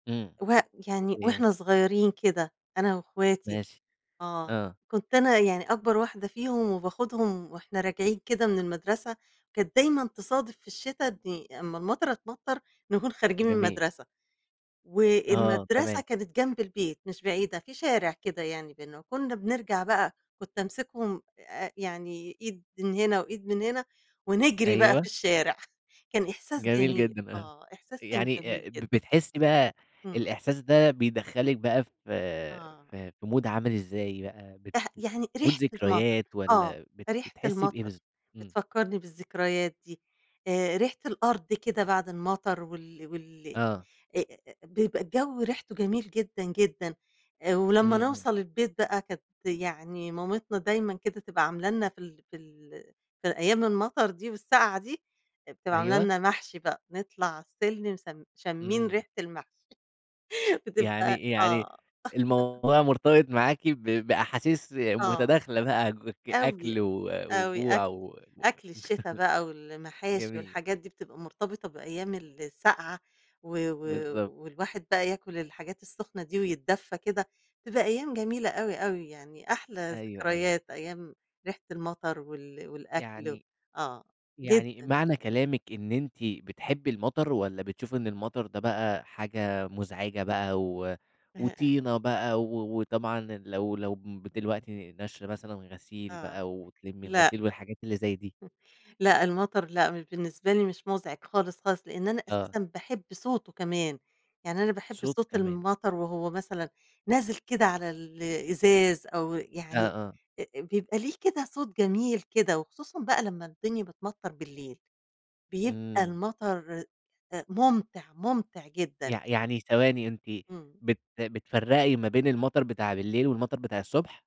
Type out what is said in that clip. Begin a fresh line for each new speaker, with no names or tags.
إمم،
و يعني
جامد.
وإحنا صغيرين كده أنا واخواتي،
ماشي،
آه،
آه.
كنت أنا يعني أكبر واحدة فيهم وباخدهم وإحنا راجعين كده من المدرسة، كانت دايمًا تصادف في الشتا أمّا المطَره تمطَّر نكون خارجين من
جميل.
المدرسة،
آه،
والمدرسة
تمام.
كانت جنب البيت مش بعيدة، في شارع كده يعني بيننا، وكنا بنرجع بقى كنت امسكهم آآ، يعني إيد من هنا وإيد من هنا، ونجري بقى في
أيوه.
الشارع، كان إحساس
جميل
جميل،
جدًا، آه
آه، إحساس كان
يعني
جميل
آآ، ب
جدًا.
بتحسي بقى
همم.
الإحساس ده بيدخل لِك بقى ف
آه.
في مود عامل إزاي بقى؟ بت
رح يعني
مود
ريحة المطر
ذكريات
آه،
والَّا بت
ريحة
بتحسي بإيه
المطر،
بالضب إمم.
بتفكّرني بالذكريات دي آآ، ريحة الأرض كده بعد المطر وال وال
آه.
أ أ بيبقى الجو ريحته جميل جدًا، جدًا، ولمّا
إمم، إمم.
نوصل البيت بقى كانت يعني مامتنا دايمًا كده تبقى عاملة لنا في ال في ال في أيام المطر دي والسقعة دي، بتبقى عاملة
أيوه.
لنا محشي بقى نطلع على السلِّم س شامين
إمم.
ريحة المحشي، بتبقى
يعني يعني
آه.
الموضوع مرتبط معاكِ ب بأحاسيس
آه،
متداخلة بقى،
أوي،
أكل و
أوي.
وجوع
أكل
و و
أكل الشتا بقى والمحاشي
جميل.
والحاجات دي، بتبقى مرتبطة بأيام السقعة، و و
بالضبط.
والواحد بقى ياكل الحاجات السخنة دي، ويتدفى كده، بتبقى أيام جميلة أوي، أوي يعني أحلى
أيوه، أيوه.
ذكريات، أيام ريحة المطر وال والأكل،
يعني
آه
يعني
جدًا.
معنى كلامِك إن أنتِ بتحبي المطر والَّا بتشوفي إن المطر ده بقى حاجة مزعجة بقى، و
[unintelligible]
وطينة بقى و وطبعًا لو لو دلوقتي ناشرة مثلًا غسيل
آه،
بقى وتلِمّي
لأ.
الغسيل والحاجات اللي زي دي؟
[unintelligible] لأ المطر لأ بالنسبة لي مش مزعج خالص، خالص لأن أنا
آه.
أساسًا باحب صوته كمان، يعني أنا باحب
صوت
صوت
كمان.
المطر، وهو مثلًا نازل كده على ال الإزاز أو
آه،
يعني
آه.
آآ، بيبقى ليه كده صوت جميل كده وخصوصًا بقى لمّا الدنيا بتمطّر بالليل، بيبقى
إمم.
المطر ممتع، ممتع جدًا.
يع يعني ثواني أنتِ
إمم.
بت بتفرَّقي ما بين المطر بتاع بالليل والمطر بتاع الصبح؟